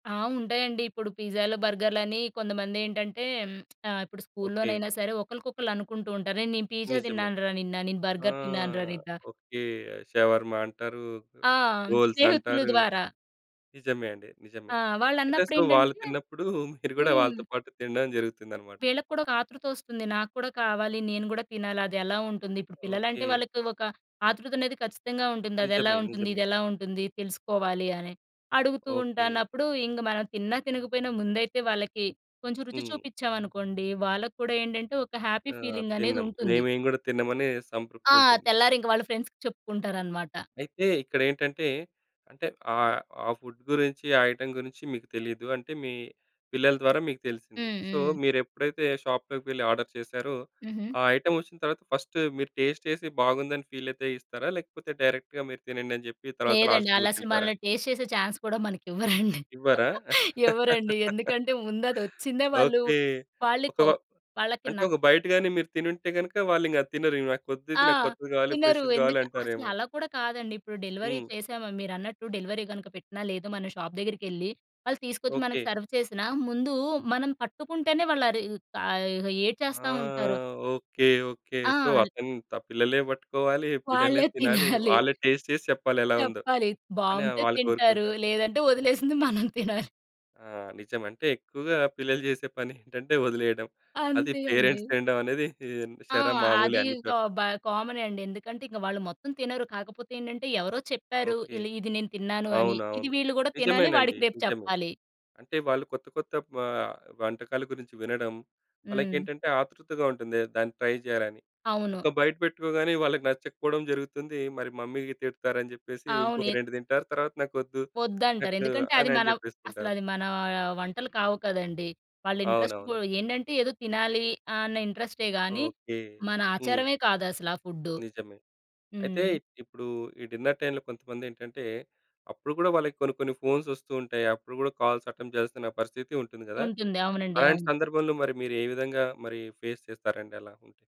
ఆ! ఉంటాయండి ఇప్పుడు పిజ్జాలు బర్గర్‌లు అని కొంతమందేంటంటే, ఇప్పుడు ఓకే. స్కూల్లోనైనా సరే ఒకళ్ళకొకళ్ళు అనుకుంటూ ఉంటారు. "అరే! నేను పీజ్జా నిజమే. తిన్నాను రా నిన్న. నేను ఆ! బర్గర్ తిన్నాను రా నిన్న". ఓకే. షవర్మ అంటారు, ఆ! స్నేహితుల రోల్సంటారు. ద్వారా. నిజమే అండి. నిజమే. ఆ! అయితే అసలు వాళ్ళు వాళ్ళన్నప్పుడేంటంటే తిన్నప్పుడూ, మీరు గూడా వాళ్ళతో హ్మ్. పాటు తినడం జరుగుతుందనమాట. వీళ్ళకి కూడా ఒక ఆతృతొస్తుంది. నాకు కూడా కావాలి. నేను గూడా తినాలి అదెలా ఉంటుంది. ఇప్పుడు పిల్లలంటే ఓకే. వాళ్ళకి ఒక ఆతృతనేది ఖచ్చితంగా ఉంటుంది. అదెలా నిజమే, ఉంటుంది. నిజమే. ఇదెలా ఉంటుంది తెలుసుకోవాలి అని. అడుగుతూ ఓకే. ఉంటానప్పుడు ఇంగ మనం తిన్నా, తినకపోయినా ముందైతే వాళ్ళకి కొంచెం రుచి హ్మ్. చూపిచ్చామనుకోండి, వాళ్ళకి కూడా ఏంటంటే ఒక హ్యాపీ ఆ! ఫీలింగనేది తిన్నాం. మే ఉంటుంది. మేం గూడా తిన్నమని ఆ! సంతృప్తుంటుంది. తెల్లారింక వాళ్ళ ఫ్రెండ్స్‌కి చెప్పుకుంటారనమాట. అయితే ఇక్కడేంటంటే అంటే ఆహ్, ఆ ఫుడ్ గురించి, ఆ ఐటెమ్ గురించి మీకు తెలీదు. అంటే మీ పిల్లల ద్వారా మీకు తెలిసింది. హ్మ్, సో హ్మ్. మీరెప్పుడైతే షాప్‌లోకెళ్ళి ఆర్డర్ చేసారో, హుహు. ఆ ఐటెమొచ్చిన తరువాత ఫస్ట్ మీరు టేస్ట్ చేసి బాగుందని ఫీలయితే ఇస్తారా? లేకపోతే డైరెక్ట్‌గా "మీరు తినండి" అని జెప్పి తర్వాత లేదండి లాస్ట్‌లో మీరు ఆళ్ళసలు తింటారా? మనల్ని టేస్ట్ చేసే చాన్స్ కూడా మనకివ్వరండి. ఇవ్వరా? ఇవ్వరండి ఎందుకంటే ముందది వచ్చిందే వాళ్ళు ఓకే. ఒక వాళ్ళికో వ వాళ్ళకి అంటే న ఒక బైట్ గాని మీరు తినుంటే గనుక వాళ్ళింగది తినరు. నాకొద్దిది. ఆ! నాకు కొత్తది కావాలి, తినరు ఫ్రెష్‌ది కావాలి ఎందుక్ అంటారేమో. అసలలా కూడా కాదండి ఇప్పుడు డెలివరీ హ్మ్. చేసామా మీరన్నట్టు. డెలివరీ గనుక పెట్టినా లేదు మన షాప్ దగ్గరికెళ్లి వాళ్ళు తీసుకొచ్చి, ఓకే. మనకి సర్వ్ చేసినా ముందు మనం పట్టుకుంటేనే వాళ్ళు అరి ఆహ్, ఇహ! ఆ! ఏడ్చేస్తా ఉంటారు. Okay, okay. ఆ! సో ల్ అతను త పిల్లలే పట్టుకోవాలి, పిల్లలే వాళ్ళే తినాలి. తినాలి. వాళ్ళే టేస్ట్ చేసి చెప్పాలి ఎలా ఉందో, చెప్పాలి. అని బావుంటే వాళ్ళు తింటారు. కోరుకుంటారు. లేదంటే వదిలేసింది మనం తినాలి. ఆ! నిజం. అంటే ఎక్కువగా పిల్లలు జేసే పనేంటంటే వదిలేయడం. అది అంతే అండి. పేరెంట్స్ తినడమనేది ఆ! షర మామూలే అది అన్ని ఇంకా చోట్ల. బ కామనే అండి. ఎందుకంటే ఇక వాళ్ళు మొత్తం తినరు. కాకపోతే ఏంటంటే ఎవరో చెప్పారు. ఓకే. ఈళ్ళు "ఇది నేను తిన్నాను" అని. ఇది అవునవును. వీళ్ళు గూడా తినాలి నిజమేనండి. వాడికి రేపు నిజమే. చెప్పాలి. అంటే వాళ్ళు కొత్త కొత్త పా ఆహ్, వంటకాల గురించి వినడం. హ్మ్. వాళ్ళకేంటంటే, ఆతృతగా ఉంటుంది ఏ దాన్ని ట్రై జేయాలని. అవును. ఒక బైట్ పెట్టుకోగానే వాళ్ళకి నచ్చకపోవడం జరుగుతుంది. మరి మమ్మీ తిడతారని జెప్పేసి, అవును. ఇంకొక ఎత్ 2 తింటారు తర్వాత నాకొద్దు. వద్దంటారు. నాకు ఎందుకంటే అది అనని మనవ్ జేప్పేస్తుంటారు. అసలది మన వంటలు కావు కదండీ. వాళ్ళ ఇంట్రెస్ట్ పో అవునవును. ఏందంటే ఏదో తినాలీ. అన్న ఇంట్రస్టే గాని ఓకే. మన హ్మ్. ఆచారమే కాదసల ఆ ఫుడ్డు. నిజమే. అయితే హ్మ్. ఇప్పుడు ఈ డిన్నర్ టైమ్‌లో కొంతమందేంటంటే, అప్పుడు కూడా వాళ్ళకి కొన్ని కొన్ని ఫోన్స్ వస్తూ ఉంటాయి. అప్పుడు కూడా కాల్స్ అటెంప్ట్ జేయాల్సిన పరిస్థితి ఉంటుంది గదా! ఉంటుంది. అవునండి. అలాంటి అవును. సందర్భంలో మరి మీరు ఏ విధంగా మరి ఫేస్ చేస్తారండి అలా ఉంటే?